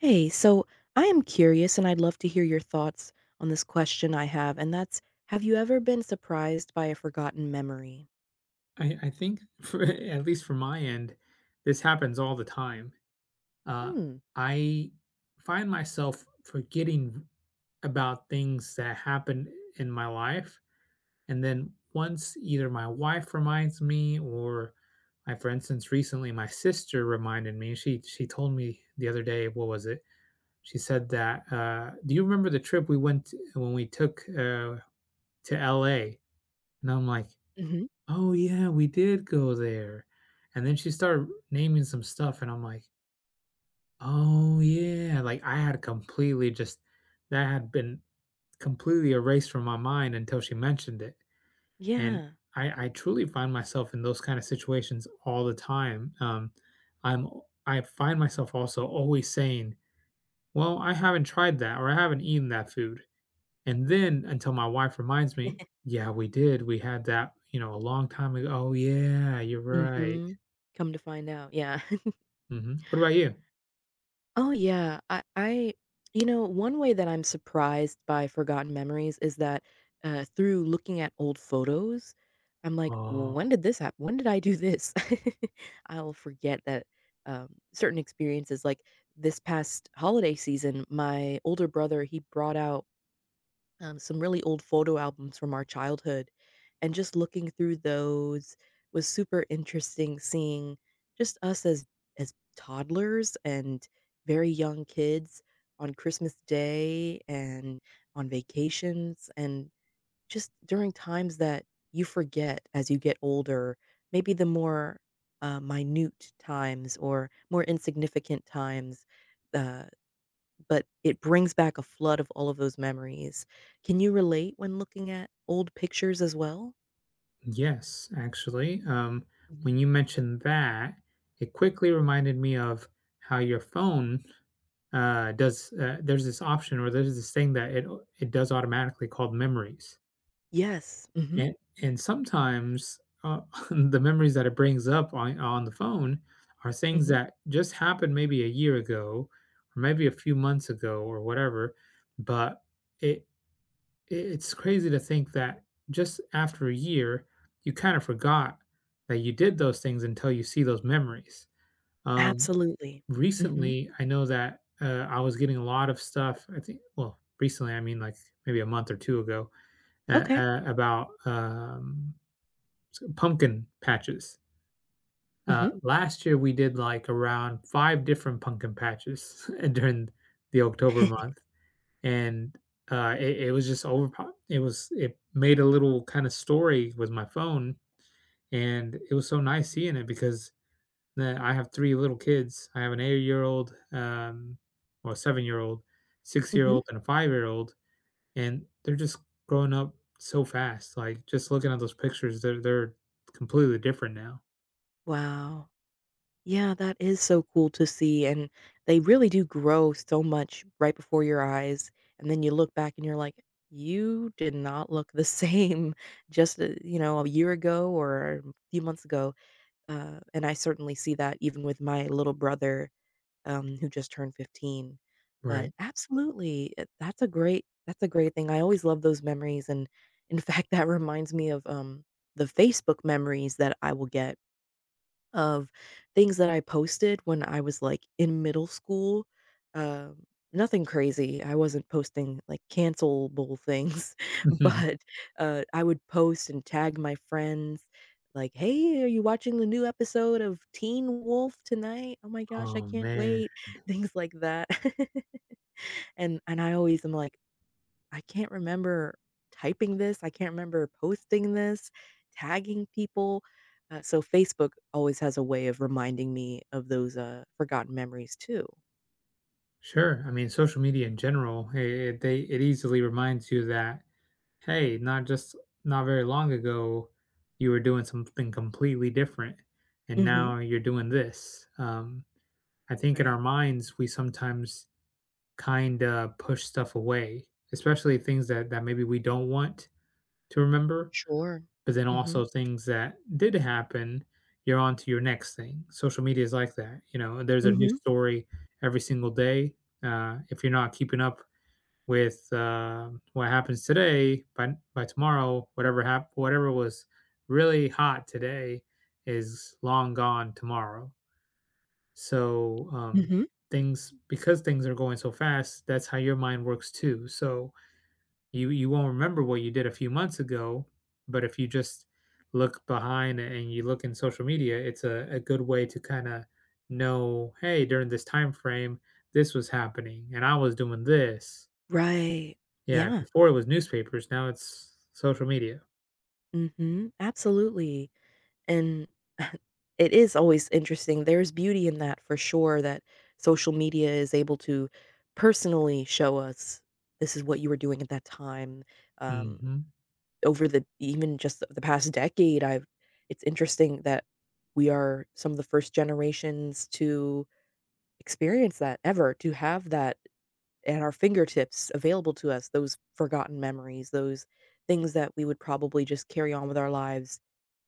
Hey, so I am curious and I'd love to hear your thoughts on this question I have, and that's have you ever been surprised by a forgotten memory? I I think for a at least from my end, this happens all the time. Uh, Hmm. I find myself forgetting v about things that happened, eh, in my life, and then once either my wife reminds me or I for instance, recently my sister reminded me, she she told me the other day what was it? She said that, uh, "Do you remember the trip we went when we took, uh, to LA?" And I'm like, Mhm. "Oh yeah, we did go there." And then she started naming some stuff, and I'm like "Oh, yeah." Like, I had completely just that had been completely erased from my mind until she mentioned it. And Yeah. I I truly find myself in those kinda situations all the time, um, I'm, o I find myself also always saying, "Well, I haven't tried that," or, "I haven't eaten that food." And then until my wife reminds me, "Yeah, we did, we had that, you know, a long time ago." "Oh yeah, you're right." Mhm. Come to find out yeah. Mhm. What about you? Oh, yeah, I I you know, one way that I'm surprised by forgotten memories is that, uh through looking at old photos, I'm like, "Well, Oh. when did this hap when did I do this?" I'll forget that, um, certain experiences like, this past holiday season, my older brother, he brought out, um, some really old photo albums from our childhood, and just looking through those was super interesting, seeing just us as as toddlers and very young kids on Christmas Day, and on vacations, and just during times that you forget as you get older, maybe the more, uh, minute times or more insignificant times, uh, but it brings back a flood of all of those memories. Can you relate when looking at old pictures as well? Yes, actually, um, when Mhm. you mentioned that, it quickly reminded me of how your phone, uh, does, uh There's this option, or there's this thing that it it does automatically called Memories. Yes, mhm. And and sometimes, uh, the memories that it brings up on on the phone are things Mhm. that just happened maybe a year ago or maybe a few months ago or whatever. But it it it's crazy to think that just after a year, you kind of forgot that you did those things until you see those memories, um, Absolutely. Mhm. recently, I know that, uh, I was getting a lot of stuff, I think well, recently, I mean, like maybe a month or 2 ago, at, Okay. uh about, um, s pumpkin patches. Uh, Mhm. last year we did, like, around 5 different pumpkin patches and during the October month, and, uh, it it was just overpop it was it made a little kind of story with my phone, and it was so nice seeing it because, uh, I have 3 little kids, I have an 8 um, or a 7 Mhm. 6 and a 5 and they're just growing up so fast, like, just looking at those pictures, they're they're completely different now. Wow. Yeah, that is so cool to see, and they really do grow so much right before your eyes, and then you look back and you're like, "You did not look the same just, uh, you know, a year ago, or a few months ago." Uh, and I certainly see that even with my little brother, um, who just turned 15. But, Right. absolutely, i that's a great that's a great thing, I always love those memories, and in fact, that reminds me of, um, the Facebook memories that I will get of things that I posted when I was, like, in middle school. Uh, nothing crazy. I wasn't posting, like, cancel-able things, but, uh, I would post and tag my friends, like, "Hey, are you watching the new episode of Teen Wolf tonight? Oh my gosh, I Oh, can't man. wait." Things like that. And and I always am like, "I can't remember typing this, I can't remember posting this, tagging people." Uh, so Facebook always has a way of reminding me of those, uh, forgotten memories, too. Sure. I mean, social media in general, it it they it easily reminds you that, "Hey, not just not very long ago you were doing something completely different, and Mhm. now you're doing this." Um, I think in our Right. minds we sometimes kinda push stuff away, especially things that that maybe we don't want to remember, Sure, but then also mhm. things that did happen, you're on to your next thing. Social media is like that, you know, there's a new Mhm. story every single day, uh, if you're not keeping up with, uh, what happens today, by by tomorrow, whatever hap whatever was really hot today is long gone tomorrow. So, um, Mhm. things because things are going so fast, that's how your mind works too, so you you won't remember what you did a few months ago, but if you just look behind, and you look in social media, it's a a good way to kinda know, "Hey, during this timeframe, this was happening and I was doing this." Right, Yeah, yeah. before it was newspapers, now it's social media. Mhm. Absolutely, and it is always interesting, there's beauty in that, for sure, that social media is able to personally show us, "This is what you were doing at that time," um, Mhm. over the even just the the past decade, I've it's interesting that we are some of the first generations to experience that, ever, to have that at our fingertips available to us, those forgotten memories, those things that we would probably just carry on with our lives,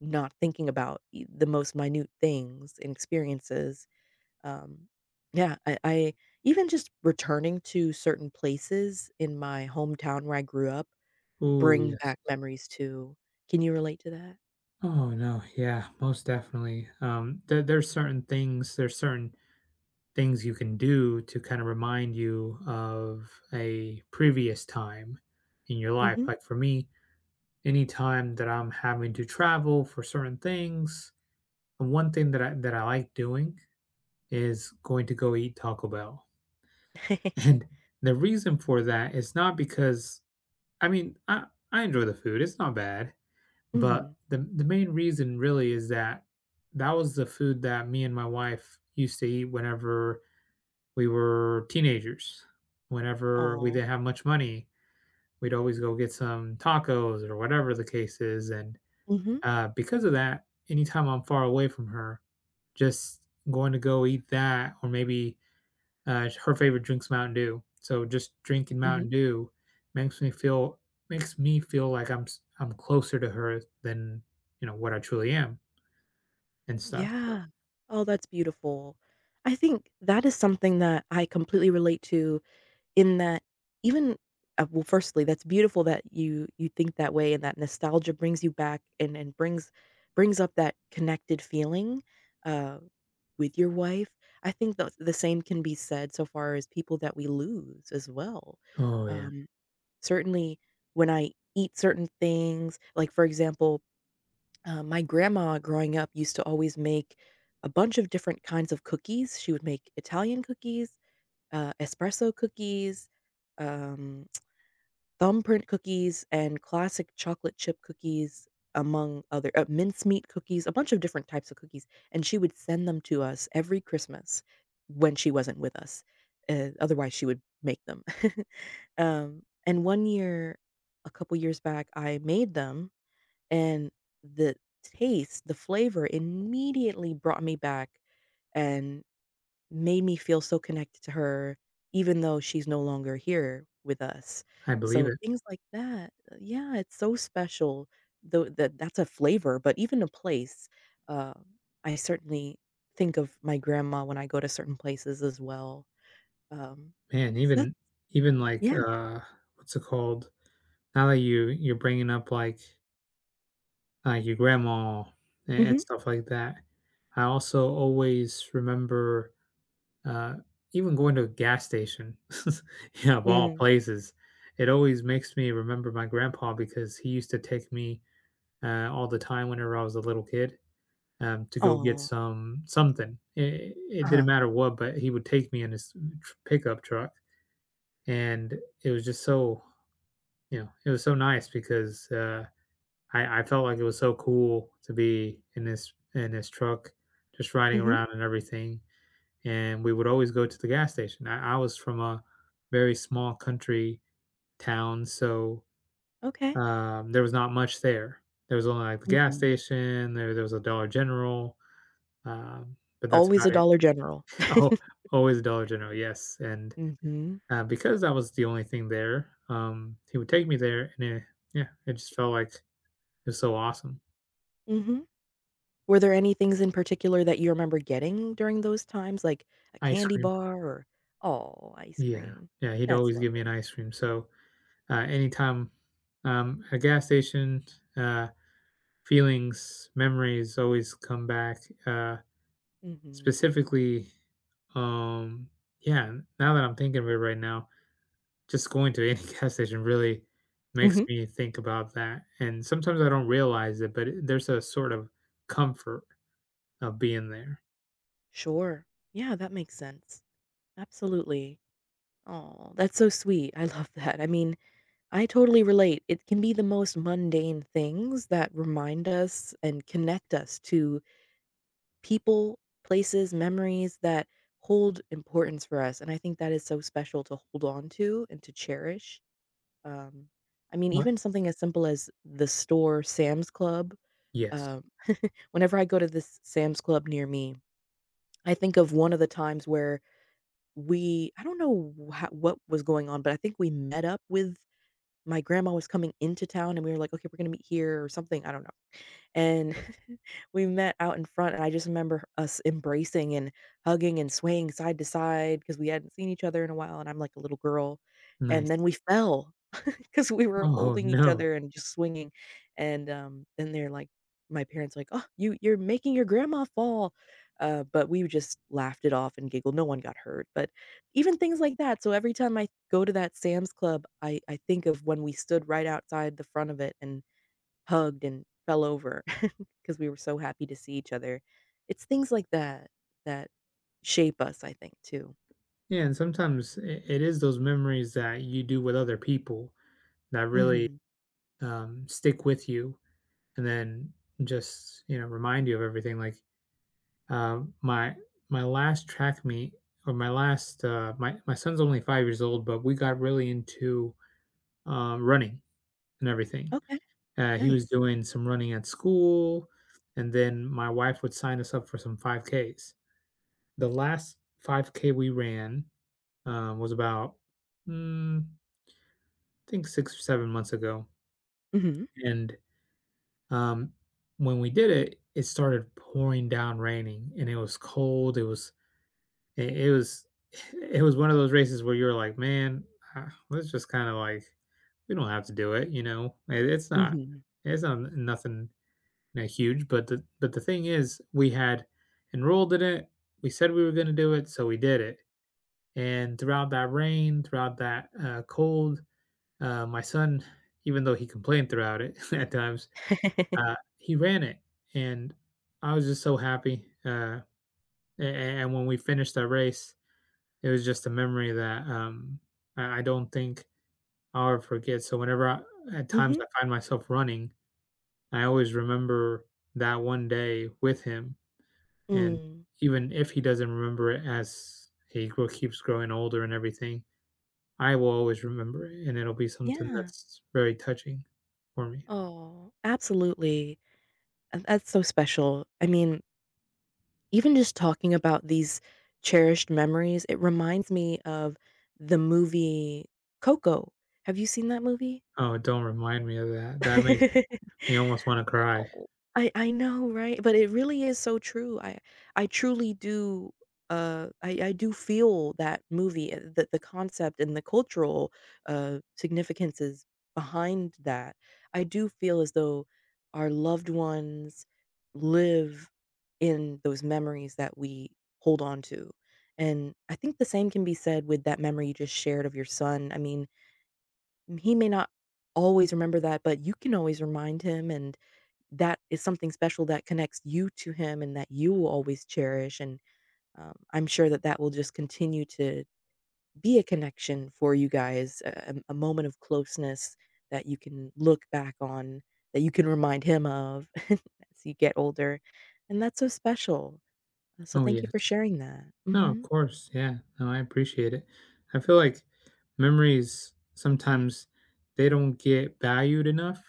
not thinking about, y the most minute things and experiences. Um, yeah, I I even just returning to certain places in my hometown where I grew up, Ooh, bring yes. back memories too. Can you relate to that? Oh, no. Yeah, most definitely. Um, there there's certain things there's certain things you can do to kinda remind you of a previous time in your life, Mhm. like, for me, any time that I'm having to travel for certain things, the one thing that I that I like doing is going to go eat Taco Bell. And the reason for that is not because I mean, I I enjoy the food, it's not bad, but Mhm. the m the main reason, really, is that that was the food that me and my wife used to eat whenever we were teenagers, whenever we Aw. didn't have much money, we'd always go get some tacos, or whatever the case is, and, Mhm. uh, because of that, any time I'm far away from her, just going to go eat that, or maybe, uh, sh her favorite drink's Mountain Dew, so just drinking Mhm. Mountain Dew makes me feel makes me feel like I'm s I'm closer to her s than, you know, what I truly am and stuff, so Yeah. Oh, that's beautiful. I think that is something that I completely relate to, in that, even uh, well, firstly, that's beautiful that you you think that way, and that nostalgia brings you back and and brings brings up that connected feeling, uh, with your wife. I think the the same can be said so far as people that we lose as well. Oh, yeah. Um, certainly when I eat certain things, like, for example, uh, my grandma growing up used to always make a bunch of different kinds of cookies. She would make Italian cookies, uh, espresso cookies, um, thumbprint cookies, and classic chocolate chip cookies, among other uh, mincemeat cookies, a bunch of different types of cookies, and she would send them to us every Christmas when she wasn't with us, eh, otherwise she would make them. Um, and one year, a couple years back, I made them, and the taste the flavor immediately brought me back, and made me feel so connected to her, even though she's no longer here with us. I believe So, it. things like that uh, yeah, it's so special. Though, tha that's a flavor, but even a place. Uh, I certainly think of my grandma when I go to certain places as well. Um, Man, so that's even even, like, yeah. uh what's it called? Now that you you're bringing up, like Uh, your grandma a and Mhm. stuff like that, I also always remember, uh even going to a gas station, you know, of all Mm. places. It always makes me remember my grandpa because he used to take me, uh, all the time whenever I was a little kid, um, to go get Aw. some something. I it didn't Uh-huh. matter what, but he would take me in his tr pickup truck, and it was just so you know, it was so nice because, uh, I I felt, like, it was so cool to be in his in his truck just riding Mhm. around and everything. And we would always go to the gas station. I I was from a very small country town, so, Okay. um, there was not much there. There was only, like, the gas Mhm. station, there there was a Dollar General, um, but that's Always a about it. Dollar General. Al always a Dollar General, yes, and, Mhm. uh, because that was the only thing there, um, he would take me there, and it yeah, it just felt like it was so awesome. Mhm. Were there any things in particular that you remember getting during those times, like a Ice candy cream. bar or Aw, ice Yeah. cream. Yeah, he'd That's always give me lovely. an ice cream. So, uh, any time, um, a gas station, uh, feelings, memories always come back, uh, Mhm. specifically, um, yeah, n now that I'm thinking of it right now, just going to any gas station really makes Mhm. me think about that, and sometimes I don't realize it, but it, there's a sort of comfort of being there. Sure. Yeah, that makes sense. Absolutely. Aw, that's so sweet. I love that. I mean, I totally relate. It can be the most mundane things that remind us and connect us to people, places, memories that hold importance for us, and I think that is so special to hold onto and to cherish. Um, I mean, What? even something as simple as the store Sam's Club, Yes. um, whenever I go to this Sam's Club near me, I think of one of the times where we I don't know h what was going on, but I think we met up with My grandma was coming into town, and we were like, "Okay, we're gonna meet here," or something. I don't know. And we met out in front, and I just remember us embracing and hugging and swaying side to side 'cause we hadn't seen each other in a while, and I'm like a little girl. And then Nice. we fell 'cause we were Oh, holding each no. other and just swinging, and, um, then they're like my parents are like, "Oh, you, you're making your grandma fall." Uh, but we just laughed it off and giggled. No one got hurt. But even things like that. So every time I go to that Sam's Club, I I think of when we stood right outside the front of it and hugged and fell over 'cause we were so happy to see each other. It's things like that that shape us, I think, too. Yeah, and sometimes it it is those memories that you do with other people that really, Mhm. um, stick with you, and then just, you know, remind you of everything. Like, um, my my last track meet or my last, uh My my son's only 5 years old, but we got really into, um, running and everything. Okay. Uh, he was Nice. doing some running at school, and then my wife would sign us up for some 5Ks. The last 5K we ran, um, was about, mm, I think 6 or 7 months ago Mhm. and, um, when we did it, it started pouring down raining, and it was cold, it was, it it was it was one of those races where you were like, "Man, uh, let's just kinda like We don't have to do it." You know? It, it's not, Mhm. it's not nothing, n huge. But the but the thing is we had enrolled in it, we said we were gonna do it, so we did it. And throughout that rain, throughout that, uh, cold, uh, my son even though he complained throughout it at times, uh, he ran it, and I was just so happy. Uh, a a and when we finished that race, it was just a memory that, um, I I don't think I'll ever forget. So whenever I at times Mhm. I find myself running, I always remember that one day with him. And Mm. even if he doesn't remember it as he gro keeps growing older and everything, I will always remember it, and it'll be something Yeah. that's very touching for me. Oh, absolutely. Uh, that's so special. I mean Even just talking about these cherished memories, it reminds me of the movie Coco. Have you seen that movie? Oh, don't remind me of that, that makes me almost wanna cry. Oh, I I know, right? But it really is so true. I I truly do, uh, I I do feel that movie, uh, the the concept and the cultural, uh, significances behind that. I do feel as though our loved ones live in those memories that we hold on to, and I think the same can be said with that memory you just shared of your son I mean he may not always remember that, but you can always remind him, and that is something special that connects you to him and that you will always cherish, and, um, I'm sure that that will just continue to be a connection for you guys, a a a moment of closeness that you can look back on, that you can remind him of as you get older, and that's so special. Uh, so Oh, thank you for yes. sharing that, No, of mhm. course, yeah. No, I appreciate it. I feel like memories, sometimes they don't get valued enough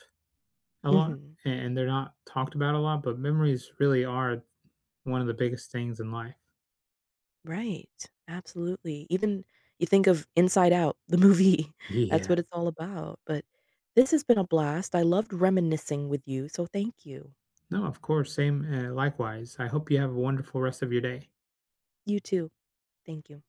a lot, Mhm. and, they're not talked about a lot, but memories really are th one of the biggest things in life. Right. Absolutely. Even you think of Inside Out, the movie, Ye that's yeah. what it's all about. But this has been a blast, I loved reminiscing with you, so thank you. No, of course same, eh, likewise, I hope you have a wonderful rest of your day. You too. Thank you.